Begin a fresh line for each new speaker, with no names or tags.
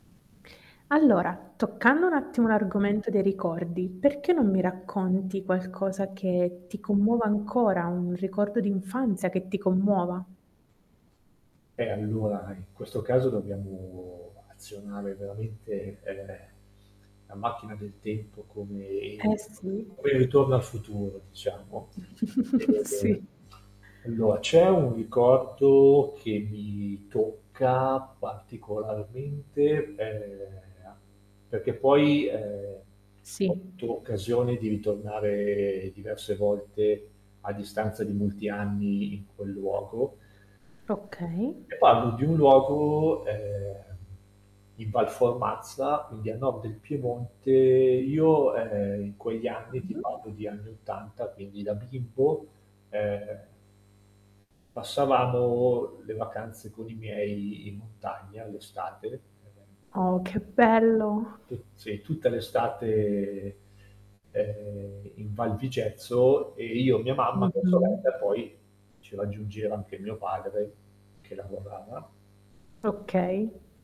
Allora, toccando un attimo l'argomento dei ricordi, perché non mi racconti qualcosa che ti commuove ancora, un ricordo d'infanzia che ti commuova?
Eh, allora, in questo caso dobbiamo azionare veramente, ehm, la macchina del tempo come il
Eh sì.
quel Ritorno al futuro diciamo, e
Sì.
allora, c'è un ricordo che mi tocca particolarmente, ehm, perché poi, ehm, ho
Sì.
avuto occasione di ritornare diverse volte, a distanza di molti anni, in quel luogo
Okay.
e parlo di un luogo, ehm, in Val Formazza, quindi a nord del Piemonte, io, ehm, in quegli anni ti
Mh-mh.
parlo di anni 80, quindi da bimbo, ehm passavamo le vacanze con i miei in montagna, l'estate.
Oh, che bello!
[unintelligible] sì, tutta l'estate, ehm, in Val Vigezzo, e io, mia mamma, mia
Mh-mh.
sorella e poi, ci raggiungeva anche mio padre, che lavorava
Okay.